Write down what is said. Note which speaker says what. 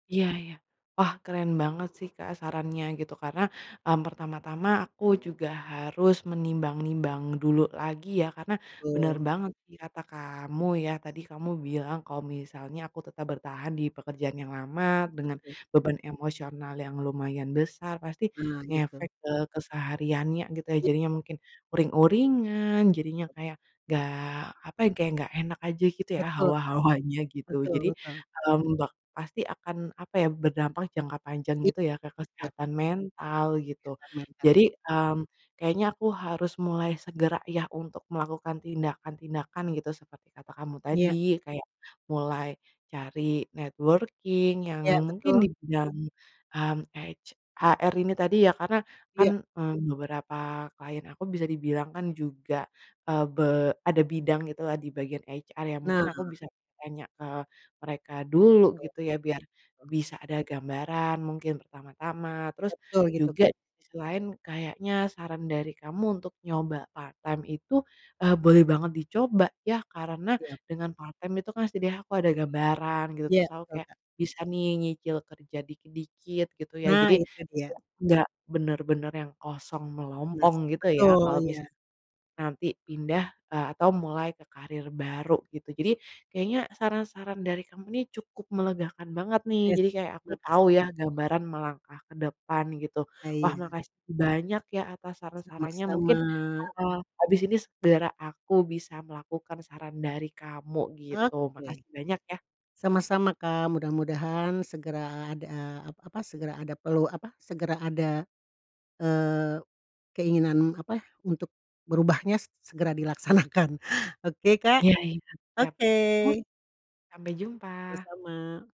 Speaker 1: Iya iya. Wah, keren banget sih, Kak, sarannya gitu. Karena, mmm, pertama-tama aku juga harus menimbang-nimbang dulu lagi ya karena bener
Speaker 2: Betul.
Speaker 1: banget sih kata kamu ya, tadi kamu bilang kalo misalnya aku tetap bertahan di pekerjaan yang lama, dengan
Speaker 2: Betul.
Speaker 1: beban emosional yang lumayan besar, pasti
Speaker 2: Nah gitu.
Speaker 1: ngefek ke kesehariannya gitu ya.
Speaker 2: Iya.
Speaker 1: Jadinya mungkin uring-uringan jadinya kayak, nggak apa ya, kayak nggak enak aja gitu ya
Speaker 2: Betul Kak.
Speaker 1: hawa-hawanya gitu.
Speaker 2: Betul,
Speaker 1: Jadi,
Speaker 2: betul.
Speaker 1: mmm, bak pasti akan apa ya, berdampak jangka panjang
Speaker 2: Iya.
Speaker 1: gitu ya ke
Speaker 2: Betul.
Speaker 1: kesehatan mental gitu.
Speaker 2: Kesehatan mental ya.
Speaker 1: Jadi, mmm, kayaknya aku harus mulai segera ya untuk melakukan tindakan-tindakan gitu seperti kata kamu
Speaker 2: Iya.
Speaker 1: tadi. Kayak mulai cari networking yang
Speaker 2: Iya
Speaker 1: mungkin di
Speaker 2: betul.
Speaker 1: bidang, mmm, h ech HR ini tadi ya karena kan,
Speaker 2: Iya.
Speaker 1: eee, beberapa klien aku bisa dibilang kan juga, eee, be ada bidang gitulah di bagian HR yang mungkin
Speaker 2: Nah.
Speaker 1: aku bisa tanya ke mereka dulu
Speaker 2: Betul.
Speaker 1: gitu ya, biar
Speaker 2: Eh
Speaker 1: bisa ada gambaran mungkin pertama-tama. Terus
Speaker 2: Betul gitu
Speaker 1: juga
Speaker 2: Kak.
Speaker 1: di sisi lain kayaknya saran dari kamu untuk nyoba part time itu, eee, boleh banget dicoba ya, karena
Speaker 2: Siap.
Speaker 1: dengan part time itu kan setidaknya aku ada gambaran gitu,
Speaker 2: Iya
Speaker 1: terus aku
Speaker 2: betul
Speaker 1: kayak
Speaker 2: Kak.
Speaker 1: bisa nih nyicil kerja dikit-dikit gitu ya.
Speaker 2: Nah,
Speaker 1: Jadi
Speaker 2: itu dia.
Speaker 1: nggak nggak bener-bener yang kosong
Speaker 2: Nah,
Speaker 1: melompong gitu ya
Speaker 2: betul.
Speaker 1: kalo misalkan
Speaker 2: Iya.
Speaker 1: nanti pindah, eee, atau mulai ke karir baru gitu. Jadi
Speaker 2: Siap.
Speaker 1: kayaknya saran-saran dari kamu ini cukup melegakan banget nih.
Speaker 2: Es
Speaker 1: Jadi kayak aku tau
Speaker 2: makasih.
Speaker 1: ya gambaran melangkah ke depan gitu.
Speaker 2: Ah
Speaker 1: Wah,
Speaker 2: iya.
Speaker 1: makasih banyak ya atas saran-sarannya mungkin,
Speaker 2: Sama-sama.
Speaker 1: eee, habis ini segera aku bisa melakukan saran dari kamu gitu.
Speaker 2: Oke.
Speaker 1: Makasih banyak ya.
Speaker 2: Sama-sama Kak, mudah-mudahan segera ada ap apa, segera ada pelu apa, segera ada, eee keinginan apa, untuk berubahnya segera dilaksanakan oke Kak?
Speaker 1: Iya iya. Siap.
Speaker 2: Oke.
Speaker 1: Sampai jumpa.
Speaker 2: Sama-sama.